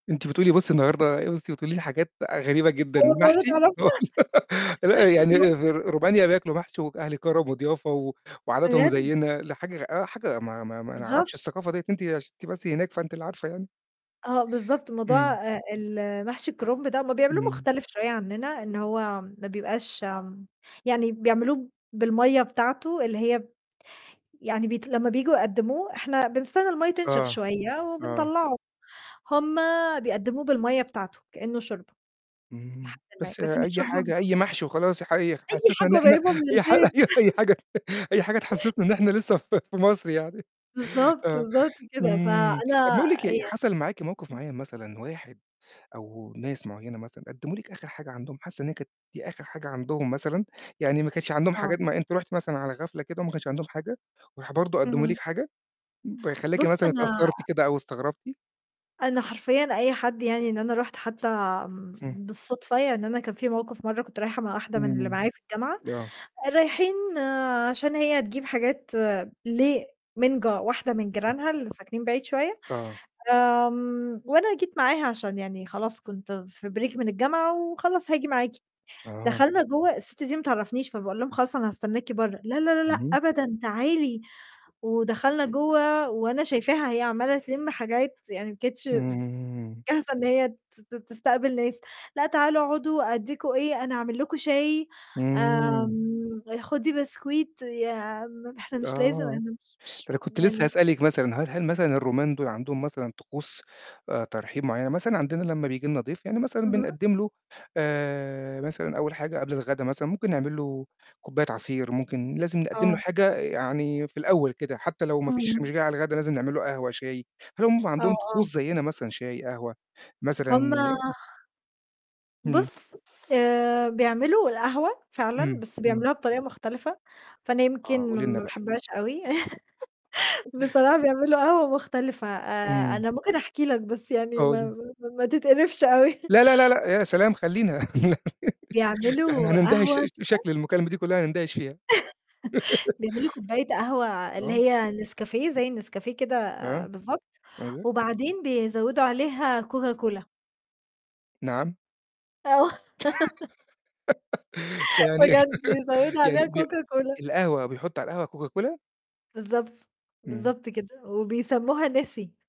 أنتِ بتقولي بُصّي النهارده بُصّي بتقولي لي حاجات بقى غريبة جدًا، أول مرّة المحشي! هو تعرفها؟ لأ، محشي يعني كرُنب. أ فر رومانيا بياكلوا محشي وج أهل كرم وضيافة و وعاداتهم بجد؟! زيّنا لا حاجة غ آه، حاجة ما ما ما نعرفش بالضبط. الثقافة دِيّة أنتِ عشان أنتِ بس هناك فأنتِ اللي عارفة يعني. آه بالضبط، موضوع إمم. آآ ال محشي الكرُنب ده، هُم بيعملوه إمم. مختلف شوية عنّنا إن هو ما بيبقاش آمم يعني بيعملوه بالمَيّة بتاعته اللي هي ب يعني بيت لمّا بييجوا يقدّموه إحنا بنستنى المَيّة تنشف آه. شوية آه. وبنطلّعه، هُم بيقدّموه بالمَيّة بتاعته كإنّه شوربة، لحد اهم، ما بس بس مش أي شوربة حاجة أي [unintelligible] محشي وخلاص حي خ أي حسّسنا حاجة إن إحنا قريّبة من أي حاجة البيت. أي حاجة أي حاجة تحسّسنا إن إحنا لسّه في مصر يعني بالضبط، آه، بالضبط كده. إمم، طَب فأنا نقول لِك إيه يع حصل معاكِ موقِف [unintelligible] معيّن مثلًا واحد أو ناس معيّنة مثلًا قدّموا لِك آخِر حاجة عندهم حاسّة إن هي كانت آخِر حاجة عندهم مثلًا؟ يعني ما كانش عندهم آه. حاجات ما أنتِ رُحتِ مثلًا على غفلة كده وما كانش عندهم حاجة، وراحوا برضه قدّموا لِك اهم. حاجة؟ ب خلّاكِ بُصّ مثلًا أنا اتأثّرتِ كده أو استغربتِ؟ أنا حرفيًا أي حد يعني إن أنا رُحت حتّى م إمم. بالصدفة ي إن أنا كان في موقِف مَرّة كنت رايحة مع واحدة من اللي إمم. معايا في الجامعة، آه. رايحين عشان هي تجيب حاجات ل من ج واحدة من [unintelligible] جيرانها اللي ساكنين بعيد شوية، آه. آمم، وأنا جيت معاها عشان يعني خلاص كنت في break من الجامعة وخلاص هاجي معاكِ، أها. دخلنا جوّه الست دي ما تعرفنيش فباقول لهم "خلاص أنا هاستناكِ برّه" "لا، لا، لا، لأ، اهم. أبدًا تعالي." ودخلنا جوّه وأنا شايفاها هي عمّاله تلِم حاجات يعني ما كانتش ب إمم. جاهزة إن هي ت ت تستقبل ناس "لأ، تعالوا أقعدوا أدّيكم إيه أنا هاعمل لكم شاي." إمم. آمم "خدي بسكويت." يا عَم ما إحنا مش لازم آه. أن مش ده مش أنا كنت لسّه يعني هاسألِك مثلًا هل هل مثلًا الرومان دُول عندهم مثلًا طقوس آآ، ترحيب معيّنة، مثلًا عندنا لمّا بييجي لنا ضيف يعني مثلًا اهم. بنقدّم له آآ، مثلًا أول حاجة قبل الغدا مثلًا ممكن نعمل له كوباية عصير، ممكن لازم نقدّم له آه. حاجة يعني في الأول كده، حتّى لو ما فيش إمم. مش جاي على الغدا لازم نعمل له قهوة، شاي، هل هُم آه، عندهم آه. طقوس زيّنا مثلًا شاي، قهوة مثلًا هُم ي إمم. بُصّ آآ، بيعملوا القهوة فعلًا، إمم، بس إمم. بيعملوها بطريقة مختلفة، فأنا آه، يمكن م قولي لنا ما بقى. باحبهاش أوي بصراحة يعملوا قهوة مختلفة آآ، إمم. أنا ممكن أحكي لك بس يعني ما قولي. ما ما تتقرفش أوي. لا، لا، لا، لأ يا سلام! خلّينا ده إحنا بيعملوا هنندهش قهوة كده بشكل المكالمة دي كلّها هنندهش فيها. بيعملوا كوباية قهوة اللي آه. هي نسكافيه زي النسكافيه كده آه. بالضبط، أيوه. وبعدين بيزوّدوا عليها Coca cola. نعم. آه. م يعني بجد بيزوّدوا عليها يعني بي Coca Cola. القهوة بيحطّوا على القهوة Coca Cola؟ بالضبط، إمم. بالضبط كده وبيسمّوها Nesi.